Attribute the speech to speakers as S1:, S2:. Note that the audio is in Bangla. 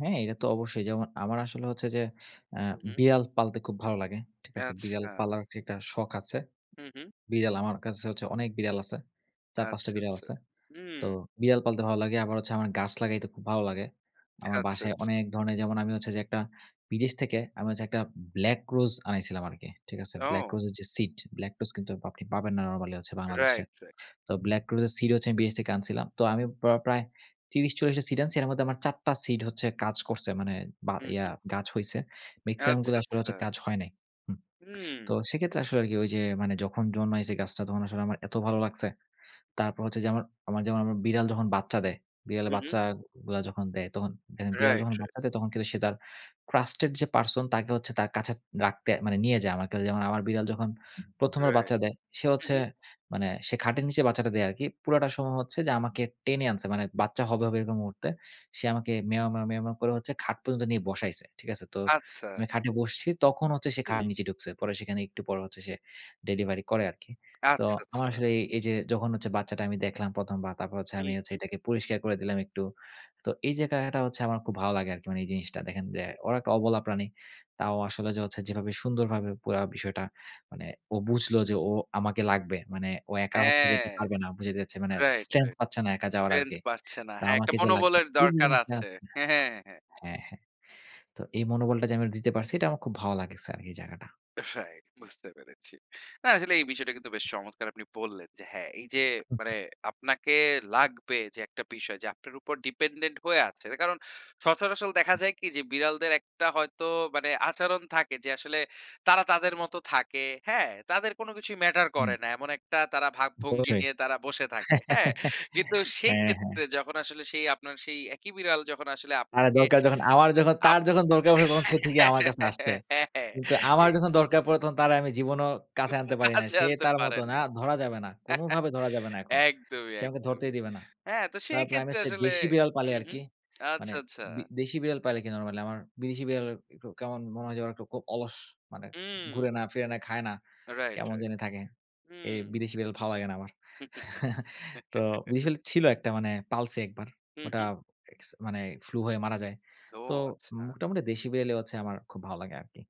S1: হ্যাঁ, এটাতো অবশ্যই। যেমন আমার আসলে হচ্ছে যে, আ
S2: হু, হু।
S1: বিড়াল পালতে খুব ভালো লাগে। ঠিক আছে? বিড়াল
S2: আচ্ছা!
S1: পালার যেটা শখ আছে।
S2: হু, হু।
S1: বিড়াল আমার কাছে হচ্ছে অনেক বিড়াল আছে। ৪-৫ টা
S2: আচ্ছা,
S1: বিড়াল
S2: আচ্ছা,
S1: আছে। তো
S2: হুম।
S1: বিড়াল পালতে ভালো লাগে। আবার হচ্ছে, আমার গাছ লাগাইতে খুব ভালো লাগে। আমার
S2: আচ্ছা,
S1: বাসায়
S2: আচ্ছা।
S1: অনেক ধরনের যেমন আমি হচ্ছে যে একটা বিদেশ থেকে আমি হচ্ছে একটা ব্লাক রোজ আনাইছিলাম আরকি। ঠিক আছে? ব্লাক
S2: ও!
S1: রোজের যে সিড, ব্লাক রোজ কিন্তু আপনি পাবেন না নরমালি হচ্ছে বাংলাদেশে।
S2: Right, right.
S1: তো ব্লাক রোজের সিড হচ্ছে আমি বিদেশ থেকে আনছিলাম। তো আমি প্র প্রায় ৩০-৪০ টা সিড আনছি। এর মধ্যে আমার ৪ টা সিড হচ্ছে কাজ করছে। মানে বা
S2: হুম,
S1: ইয়া
S2: হু।
S1: গাছ হইছে। মেক্সিমাম
S2: আচ্ছা,
S1: গুলা আসলে হচ্ছে
S2: আচ্ছা।
S1: কাজ হয় নাই। হু।
S2: উম।
S1: তো সেক্ষেত্রে আসলে আরকি ঐ যে, মানে যখন জন্মাইছে গাছটা তখন আসলে আমার এত ভালো লাগছে। তারপর হচ্ছে যে আমার, আমার যেমন আমার বিড়াল যখন বাচ্চা দেয়, বিড়ালের
S2: হু, হু।
S1: বাচ্চাগুলা যখন দেয়, তখন দেখেন বিড়াল
S2: রাইট,
S1: যখন
S2: রাইট।
S1: বাচ্চা দেয়, তখন কিন্তু সে তার, ট্রাস্টেড যে পারসন তাকে হচ্ছে তার কাছে রাখতে, মানে নিয়ে যায়, আমার কাছে যেমন আমার বিড়াল যখন ১ম বার
S2: রাইট।
S1: বাচ্চা দেয়, সে
S2: হু,
S1: হচ্ছে,
S2: হু।
S1: মানে সে খাটের নিচে বাচ্চাটা দেয় আরকি। পুরাটা সময় হচ্ছে যে, আমাকে টেনে আনছে। মানে বাচ্চা হবে, হবে এরকম মুহূর্তে। সে আমাকে মেও, মেও, মেও, মেও করে হচ্ছে খাট পর্যন্ত নিয়ে বসাইছে। ঠিক আছে? তো,
S2: আচ্ছা।
S1: মানে খাটে বসছি, তখন হচ্ছে সে,
S2: হুম।
S1: খাটের নিচে ঢুকছে। পরে সেখানে একটু পর হচ্ছে সে ডেলিভারি করে আরকি। তো
S2: আচ্ছা,
S1: আমার
S2: আচ্ছা।
S1: আসলে এই, এই যে যখন হচ্ছে বাচ্চাটা আমি দেখলাম ১ম বার, তারপর হচ্ছে
S2: হু,
S1: আমি হচ্ছে
S2: হু।
S1: এটাকে পরিষ্কার করে দিলাম একটু। তো এই যে এটা, এটা হচ্ছে আমার খুব ভালো লাগে আরকি মানে এই জিনিসটা। দেখেন যে, ওরা একটা অবলা প্রাণী। তাও আসলে যে হচ্ছে, যেভাবে সুন্দরভাবে পুরা বিষয়টা, মানে ও বুঝলো যে, ও আমাকে লাগবে। মানে ও একা হচ্ছে যে,
S2: হ্যাঁ।
S1: কথাও যে না বুঝে বেরচ্ছে মানে,
S2: রাইট,
S1: স্ট্রেংথ
S2: রাইট।
S1: পাচ্ছে না, একা যাওয়ার
S2: স্ট্রেংথ
S1: আরকি।
S2: বাড়ছে না।
S1: তা
S2: হ্যাঁ, একটা
S1: আমাকে যে লাগবে,
S2: মনোবলের
S1: এইযে
S2: দরকার
S1: জিনিসটা
S2: আছে।
S1: হচ্ছে
S2: হ্যাঁ, হ্যাঁ, হ্যাঁ, হ্যাঁ।
S1: হ্যাঁ, হ্যাঁ, হ্যাঁ। তো এই মনোবলটা যে আমি ওরে দিতে পারছি, এটা আমার খুব ভালো লাগিচ্ছে, আরকি এই জায়গাটা।
S2: রাইট, বুঝতে পেরেছি। না আসলে এই বিষয়টা কিন্তু বেশ চমৎকার আপনি বললেন যে, হ্যাঁ, এই যে মানে আপনাকে লাগবে যে একটা বিষয়, যে আপনার উপর ডিপেন্ডেন্ট হয়ে আছে। কারণ সচরাচল দেখা যায় কি যে, বিড়ালদের একটা হয়তো মানে আচরণ থাকে যে, আসলে, তারা তাদের মত থাকে। হ্যাঁ! তাদের কোন কিছুই ম্যাটার
S1: উম।
S2: করে না। এমন একটা তারা ভাবভঙ্গি
S1: অবশ্যই।
S2: নিয়ে তারা বসে থাকে। হ্যাঁ, কিন্তু
S1: হ্যাঁ, হ্যাঁ।
S2: সেইক্ষেত্রে যখন আসলে সেই, আপনার সেই একি বিড়াল, যখন আসলে
S1: আরে
S2: আপনাকে,
S1: দরকার যখন, আমার যখন,
S2: আপ
S1: তার যখন দরকার হবে, তখন সে ঠিকই আমার কাছে আসতে,
S2: হ্যাঁ, হ্যাঁ।
S1: কিন্তু আমার যখন দরকার পরে, তখন তারে আমি জীবনও কাছে আনতে পারি নাই,
S2: কাছে
S1: সে
S2: আনতে
S1: তার
S2: পারেন
S1: মতন, আ
S2: না।
S1: ধরা যাবে না। কোনভাবে ধরা যাবে না এখন।
S2: একদমই,
S1: সে আমাকে ধরতেই
S2: একদমই।
S1: দিবে না।
S2: হ্যাঁ, তো
S1: তার
S2: সেই
S1: প্রাইমেট
S2: ক্ষেত্রে
S1: সে
S2: আসলে
S1: দেশি বিড়াল পালে,
S2: হু, হু।
S1: আরকি। মানে,
S2: আচ্ছা, আচ্ছা।
S1: বি দেশি বিড়াল পালে কি নরমালি, আমার বিদেশি বিড়াল একটু কেমন, মনে হয় যে, ওরা একটু খুব অলস, মানে,
S2: উম।
S1: ঘুরেনা, ফিরেনা, খায়না।
S2: রাইট,
S1: কেমন
S2: রাইট।
S1: জানি থাকে। এই
S2: হুম।
S1: বিদেশি বিড়াল ভালো লাগে না আমার। তো বিদেশি বিড়াল ছিল একটা মানে, পালছি ১ বার।
S2: হু,
S1: ওটা,
S2: হু।
S1: এক্স মানে ফ্লু হয়ে মারা যায়।
S2: ও!
S1: তো
S2: আচ্ছা।
S1: মোটামুটি দেশি বিড়ালই হচ্ছে আমার খুব ভালো লাগে আরকি।